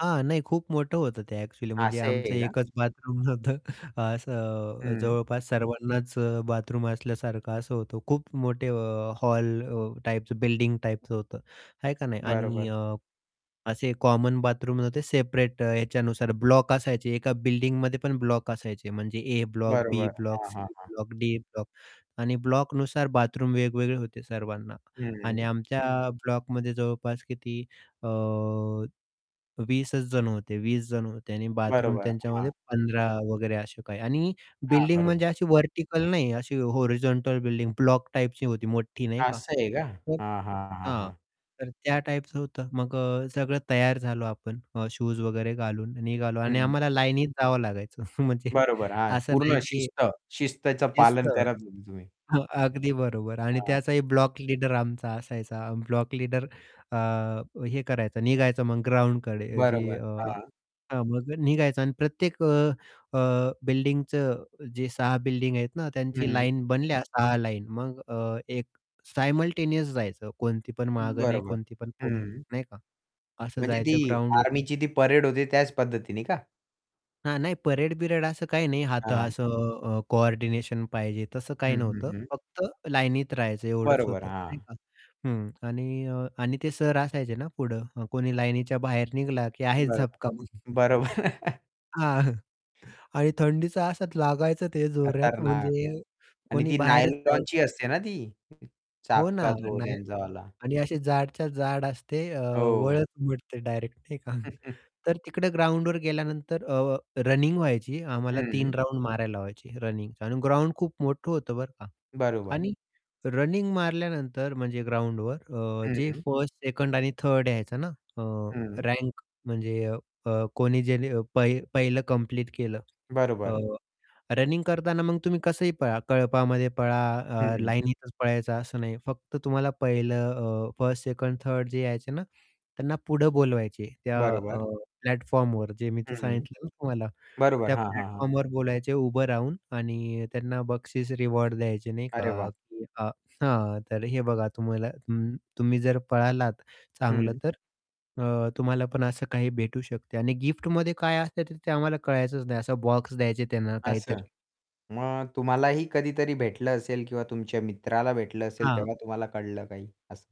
हां. नाही खूप मोठं होतं ते ॲक्चुअली म्हणजे असं आमचं आहे का? एकच बाथरूम नव्हतं असं अ, हं. जवळपास सर्वांनाच अ, बाथरूम असल्यासारखं असं होतं खूप मोठे अ, हॉल अ, टाईपचं बिल्डिंग टाईपचं होतं आहे का नाही. आणि बरोबर. अ, असे कॉमन बाथरूम नव्हते, सेपरेट अ, याच्यानुसार ब्लॉक असायचे एका बिल्डिंगमध्ये पण ब्लॉक असायचे म्हणजे ए ब्लॉक, बी बरोबर. ब्लॉक, हां. हां. सी हां. ब्लॉक, डी ब्लॉक आणि ब्लॉकनुसार बाथरूम वेगवेगळे होते सर्वांना. आणि हं. आमच्या ब्लॉकमध्ये जवळपास किती अ, 20 च जण होते. 20 जण होते आणि बाथरूम बरोबर, हां. त्यांच्यामध्ये 15 वगैरे असे काही आणि हां. बिल्डिंग बरोबर. म्हणजे अशी व्हर्टिकल नाही अशी हॉरिझॉन्टल बिल्डिंग ब्लॉक टाइपची होती मोठी नाही का? असं आहे का? तर हां, हां, हां, हां, हां. तर त्या टाइपच होतं. मग अ, सगळं तयार झालो आपण. शूज वगैरे घालून निघालो आणि हं. आम्हाला लाईनीत जावं लागायचं म्हणजे बरोबर. हां, असं नाही पूर्ण की शिस्त. शिस्तचं शिस्त. पालन करा [unintelligible] तुम्ही. हो, अगदी बरोबर आणि हां. त्याचाही ब्लॉक लीडर आमचा असायचा ब्लॉक लीडर अ, हे करायचा, निघायचा मग ग्राउंडकडे जे बरोबर. अ, हां. हां, मग निघायचा आणि प्रत्येक अ, अ, बिल्डिंगचं जे 6 बिल्डिंग आहेत ना, त्यांची हं. लाईन बनल्या 6 लाईन. मग अ, एक सायमल्टेनियस जायचं कोणती पण मागे नाही, बरोबर. कोणती पण पुढे नाही. हं. नाही का. असं म्हणजे ती जायचं ग्राउंडवर आर्मीची ती परेड होते त्याच पद्धतीने का? हां, नाही परेड-बिरेड असं काही नाही. हात हां. असं अ, कोऑर्डिनेशन पाहिजे. तसं काही हं, हं, नव्हतं. हं. फक्त लाईनीत राहायचं एवढच बरोबर, होतं नाही हां. का. हं. आणि अ, आणि ते सर असायचे ना, पुढे कोणी लाईनीच्या बाहेर निघाला की आहेच बरोबर, झपका मग. बरोबर. हां, आणि थंडीचा असाच लागायचं ते जोरात खतरनाक. म्हणजे आणि कोणी ती बाहेरच नायलॉनची जायचं. असते ना ती [unintelligible] हो ना, चापका तो नाही. त्यांचावाला? आणि अशी जाडच्या जाड असते. अ, वळच हो. उमटते डायरेक्ट नाही का. तर तिकडे ग्राउंडवर गेल्यानंतर अ, रनिंग व्हायची आम्हाला हं. 3 राउंड मारायला लावायचे रनिंगचा. आणि ग्राउंड खूप मोठं होतं बरं का बरोबर. आणि रनिंग मारल्यानंतर म्हणजे ग्राउंडवर अ, जे हं. 1st 2nd आणि 3rd यायचं ना. अ, हं. रँक म्हणजे अ, कोणी ज्यानी अ, पाहि पहिलं कंप्लीट केलं. अ, बरोबर. रनिंग करतांना मग तुम्ही कसंही पळा, कळपामध्ये पळा, अ, हं. लाईनीतच पळायचं असं नाही फक्त तुम्हाला पहिलं अ, 1st, 2nd, 3rd जे यायचे ना, त्यांना पुढे बोलवायचे. त्या बरोबर. अ, प्लॅटफॉर्मवर जे मी ते हं. सांगितलं ना तुम्हाला बरोबर. त्या हां, हां, हां. प्लॅटफॉर्मवर बोलायचे उभं राहून आणि त्यांना बक्षीस, रिवॉर्ड द्यायचे नाही अरे का वाह! [unintelligible] हां, तर हे बघा तुम्हाला हं. तुम्ही जर पळालात चांगलं, हं. तर अ, तुम्हाला पण असं काही भेटू शकते. आणि गिफ्टमध्ये काय असते ते आम्हाला कळायचच नाही असा बॉक्स द्यायचे त्यांना असं, काहीतरी. मग तुम्हालाही कधीतरी भेटलं असेल किंवा तुमच्या मित्राला भेटलं असेल हां. तेव्हा तुम्हाला कळलं काही असं?